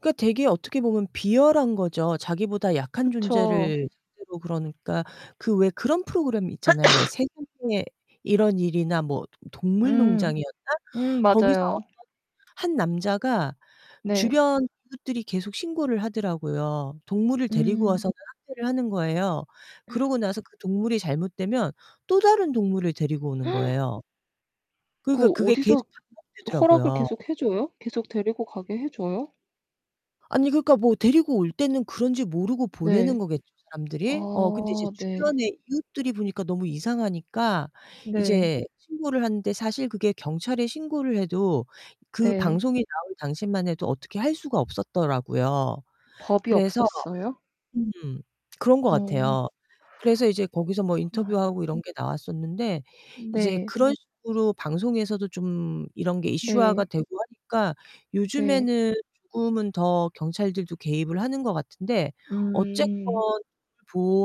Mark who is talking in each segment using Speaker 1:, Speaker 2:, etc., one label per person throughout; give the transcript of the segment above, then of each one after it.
Speaker 1: 그니까 되게 어떻게 보면 비열한거죠. 자기보다 약한
Speaker 2: 그쵸.
Speaker 1: 존재를 상대로 그러니까, 그 왜 그런 프로그램 있잖아요. 왜 세상에 이런 일이나 뭐 도
Speaker 2: 음
Speaker 1: 동물농장이었나?
Speaker 2: 음
Speaker 1: 거기서
Speaker 2: 맞아요.
Speaker 1: 어떤 한 남자가
Speaker 2: 네.
Speaker 1: 주변 이웃들이 계속 신고를 하더라고요. 동물을 데리고
Speaker 2: 음.
Speaker 1: 와서는 학대를 하는 거예요. 그러고 나서 그 동물이 잘못되면 또 다른 동물을 데리고 오는 거예요. 그러니까
Speaker 2: 그
Speaker 1: 그게 계속
Speaker 2: 어디서 허락을
Speaker 1: 반복되더라고요.
Speaker 2: 계속 해 줘요? 계속 데리고 가게 해 줘요?
Speaker 1: 아니 그러니까 뭐 데리고 올 때는 그런지 모르고 보내는
Speaker 2: 네.
Speaker 1: 거겠죠, 사람들이? 어 근데 이제
Speaker 2: 아 네.
Speaker 1: 주변에 이웃들이 보니까 너무 이상하니까
Speaker 2: 네.
Speaker 1: 이제 신고를 하는데 사실 그게 경찰에 신고를 해도 그
Speaker 2: 네.
Speaker 1: 방송에 나올 당시만 해도 어떻게 할 수가 없었더라고요.
Speaker 2: 법이
Speaker 1: 그래서
Speaker 2: 없었어요?
Speaker 1: 음 그런 것
Speaker 2: 어.
Speaker 1: 같아요. 그래서 이제 거기서 뭐
Speaker 2: 구나.
Speaker 1: 인터뷰하고 이런 게 나왔었는데 이제
Speaker 2: 네.
Speaker 1: 그런 식으로 방송에서도 좀 이런 게 이슈화가
Speaker 2: 네.
Speaker 1: 되고 하니까
Speaker 2: 네.
Speaker 1: 요즘에는 조금은 더 경찰들도 개입을 하는 것 같은데 어쨌건
Speaker 2: 음.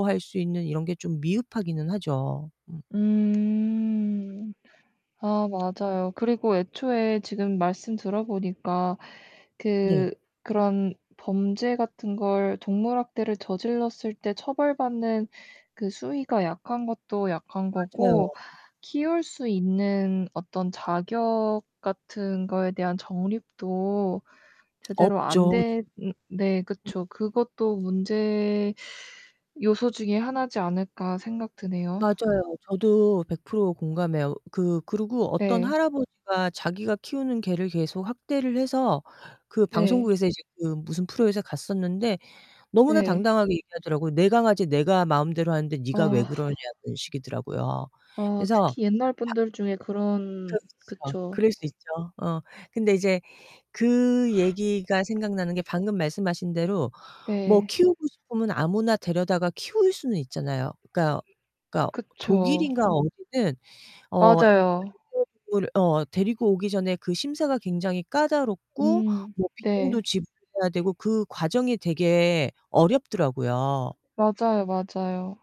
Speaker 1: 보호할 수 있는 이런 게 좀 미흡하기는 하죠. 음.
Speaker 2: 음. 아 맞아요. 그리고 애초에 지금 말씀 들어보니까
Speaker 1: 네.
Speaker 2: 그 그런 범죄 같은 걸 동물 학대를 저질렀을 때 처벌받는 그 수위가 약한 것도 약한 거고
Speaker 1: 맞아요.
Speaker 2: 키울 수 있는 어떤 자격 같은 거에 대한 정립도 제대로 안
Speaker 1: 없죠. 지금
Speaker 2: 된 음 네,
Speaker 1: 음.
Speaker 2: 그쵸. '그것도 문제 요소 중에 하나지 않을까.' 생각 드네요.
Speaker 1: 맞아요. 저도 100% 공감해요. 그 그리고 어떤
Speaker 2: 네.
Speaker 1: 할아버지가 자기가 키우는 개를 계속 학대를 해서 그
Speaker 2: 네.
Speaker 1: 방송국에서 이제 그 무슨 프로에서 갔었는데 너무나
Speaker 2: 네.
Speaker 1: 당당하게 얘기하더라고요. 내 강아지 내가 마음대로 하는데 네가 왜
Speaker 2: 아.
Speaker 1: 그러냐는 식이더라고요.
Speaker 2: 어
Speaker 1: 그래서
Speaker 2: 특히 옛날
Speaker 1: 밖
Speaker 2: 분들 중에 그런
Speaker 1: 그렇죠.
Speaker 2: 그쵸.
Speaker 1: 그럴 수 있죠. 어. 근데 이제 그 얘기가 생각나는 게 방금 말씀하신 대로 뭐
Speaker 2: 네.
Speaker 1: 키우고 싶으면 아무나 데려다가 키울 수는 있잖아요. 그니까 그니까
Speaker 2: 그쵸.
Speaker 1: 독일인가 어디는 어
Speaker 2: 맞아요.
Speaker 1: 반려 동물 어 데리고 오기 전에 그 심사가 굉장히 까다롭고
Speaker 2: 음,
Speaker 1: 뭐
Speaker 2: 네.
Speaker 1: 비용도 지불해야 되고 그 과정이 되게 어렵더라고요.
Speaker 2: 맞아요, 맞아요.